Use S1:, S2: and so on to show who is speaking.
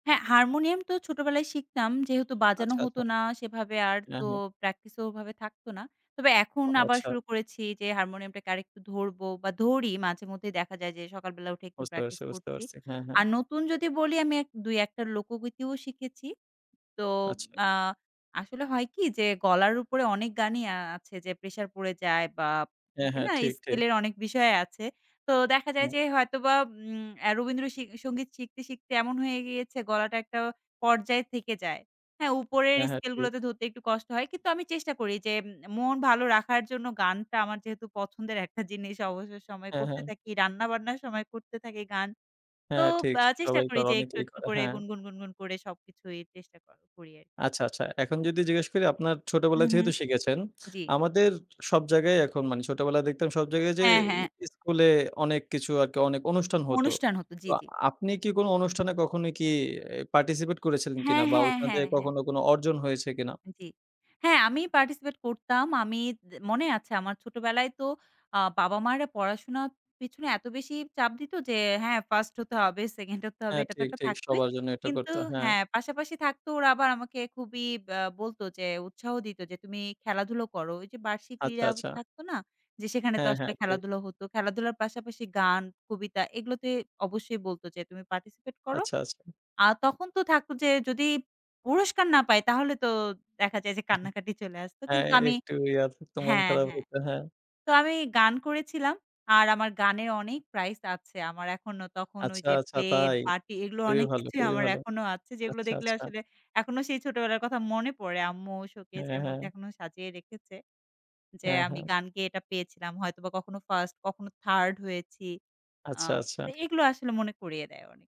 S1: হ্যাঁ, হারমোনিয়াম তো ছোটবেলায় শিখতাম। যেহেতু বাজানো
S2: আচ্ছা,
S1: হতো
S2: আচ্ছা।
S1: না সেভাবে আর
S2: হ্যা,
S1: তো
S2: হ্যা।
S1: প্র্যাকটিসেও ওভাবে থাকত না। তবে এখন
S2: আ
S1: আবার
S2: আচ্ছা।
S1: শুরু করেছি যে হারমোনিয়ামটাকে আরেকটু ধরবো বা ধরি। মাঝেমধ্যেই দেখা যায় যে সকালবেলা উঠে একটু
S2: বুঝতে পারছি,
S1: প্র্যাকটিস
S2: বুঝতে
S1: করছি।
S2: পারছি। হ্যাঁ, হ্যাঁ।
S1: আর নতুন যদি বলি আমি এক ২-১ টা লোকগীতিও শিখেছি। তো
S2: আচ্ছা।
S1: আ আসলে হয় কি? যে গলার উপরে অনেক গানই আ আছে যে প্রেশার পড়ে যায় বা
S2: হ্যাঁ,
S1: থাকে
S2: হ্যাঁ।
S1: না?
S2: ঠিক, ঠিক।
S1: স্কেলের অনেক বিষয় আছে। তো দেখা যায়
S2: হুম।
S1: যে হয়তোবা উম আ রবীন্দ্র সি সংগীত শিখতে, শিখতে এমন হয়ে গিয়েছে গলাটা একটা পর্যায়ে থেকে যায়। হ্যাঁ, উপরের
S2: হ্যাঁ, হ্যাঁ। ঠিক।
S1: স্কেলগুলাতে ধরতে একটু কষ্ট হয়। কিন্তু আমি চেষ্টা করি যে এ মন ভালো রাখার জন্য গানটা আমার যেহেতু পছন্দের একটা জিনিস, অবসর সময়ে
S2: হ্যাঁ,
S1: করতে
S2: হ্যাঁ।
S1: থাকি, রান্নাবান্নার সময় করতে থাকি গান। তো
S2: হ্যাঁ ঠিক,
S1: আ চেষ্টা
S2: সবাই
S1: করি
S2: করে।
S1: যে একটু,
S2: অনেকেই
S1: একটু
S2: করে।
S1: করে
S2: হ্যাঁ।
S1: গুনগুন, গুনগুন করে সবকিছুই চেষ্টা করা করি আরকি।
S2: আচ্ছা, আচ্ছা এখন যদি জিজ্ঞেস করি আপনার
S1: হুম,
S2: ছোটবেলায়
S1: হুম।
S2: যেহেতু শিখেছেন,
S1: জি।
S2: আমাদের সব জায়গায় এখন মানে ছোটবেলায় দেখতাম সব জায়গায় যে
S1: হ্যাঁ, হ্যাঁ।
S2: এ স্কুলে অনেক কিছু আরকি অনেক অনুষ্ঠান হতো।
S1: অনুষ্ঠান হতো,
S2: তো
S1: জি, জি।
S2: আপনি কি কোনো অনুষ্ঠানে কখনো কি এ participate করেছিলেন
S1: হ্যাঁ,
S2: কিনা বা
S1: হ্যাঁ,
S2: ওইখান
S1: হ্যাঁ,
S2: থেকে
S1: হ্যাঁ।
S2: কখনো কোনো অর্জন হয়েছে কিনা?
S1: জি। হ্যাঁ, আমি participate করতাম। আমি দে মনে আছে আমার ছোটবেলায় তো আ বাবা-মারা পড়াশোনার পিছনে এত বেশি চাপ দিত যে হ্যাঁ, 1st হতে হবে, 2nd হতে হবে।
S2: হ্যাঁ।
S1: এটা তো
S2: ঠিক,
S1: একটা
S2: ঠিক।
S1: থাকতই।
S2: সবার জন্য এটা
S1: কিন্তু
S2: করতো। হ্যাঁ।
S1: হ্যাঁ, পাশাপাশি থাকতো ওরা আবার আমাকে খুবই বা বলতো যে উৎসাহ দিত যে তুমি খেলাধুলা করো। ওইযে বার্ষিক
S2: আচ্ছা,
S1: ক্রীড়া
S2: আচ্ছা।
S1: থাকতো না? যে সেখানে তো
S2: হ্যাঁ,
S1: আসলে
S2: হ্যাঁ, ঠিক।
S1: খেলাধুলা হতো। খেলাধুলার পাশাপাশি গান, কবিতা এগুলোতে অবশ্যই বলতো যে তুমি participate করো।
S2: আচ্ছা, আচ্ছা।
S1: আ তখন তো থাকত যে যদি পুরস্কার না পাই তাহলে তো দেখা যায় যে
S2: উহু,
S1: কান্নাকাটি চলে আসতো।
S2: হ্যাঁ,
S1: কিন্তু
S2: এ
S1: আমি
S2: একটু ইয়া হতো। মন
S1: হ্যাঁ,
S2: খারাপ
S1: হ্যাঁ।
S2: হতো। হ্যাঁ।
S1: তো আমি গান করেছিলাম। আর আমার গানে অনেক প্রাইজ আছে। আমার এখনো তখন
S2: আচ্ছা,
S1: ওইযে
S2: আচ্ছা।
S1: প্লেট
S2: তাই?
S1: বাটি এগুলো
S2: খুবই
S1: অনেক
S2: ভালো,
S1: কিছুই
S2: খুবই
S1: আমার
S2: ভালো।
S1: এখনো আছে। যেগুলো
S2: আচ্ছা,
S1: দেখলে
S2: আচ্ছা।
S1: আসলে এখনো সেই ছোটবেলার কথা মনে পড়ে। আম্মু
S2: হ্যাঁ,
S1: শোকেজের
S2: হ্যাঁ।
S1: মধ্যে এখনো সাজিয়ে রেখেছে। যে
S2: হ্যাঁ,
S1: আমি
S2: হ্যাঁ।
S1: গান গেয়ে এটা পেয়েছিলাম। হয়তোবা কখনো 1st, কখনো 3rd হয়েছি। আ
S2: আচ্ছা,
S1: তো
S2: আচ্ছা।
S1: এগুলো আসলে মনে করিয়ে দেয় অনেক।